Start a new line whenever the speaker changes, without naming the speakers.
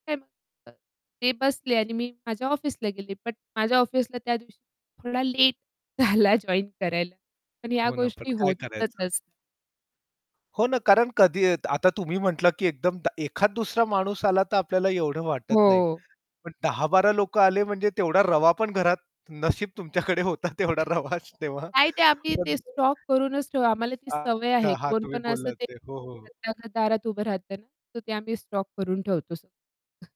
[unintelligible] ते बसले आणि मी माझ्या ऑफिसला गेले, पण माझ्या ऑफिसला त्यादिवशी थोडा लेट झाला, जॉइन करायला. पण ह्या
हो ना, पण
गोष्टी
काय
होतच
करायचं?
असतात.
हो ना. कारण कधी आता तुम्ही म्हटलात, की एकदम एखाद दुसरा माणूस आला तर आपल्याला एवढं वाटत नाही,
हो.
पण 10-12 लोकं आले, म्हणजे तेवढा रवा पण घरात नशीब तुमच्याकडे होता तेवढा रवा शि तेव्हा.
नाही, ते आम्ही
पण
ते स्टॉक करूनच ठेवू, आम्हाला ती सवय
अच्छा.
आहे.
हां,
कोण
तुम्ही
पण असं
बोललात
ते
ते. हो, हो, हो.
[unintelligible] दारात उभं राहतं ना, तर ते आम्ही स्टॉक करून ठेवतो सर्व.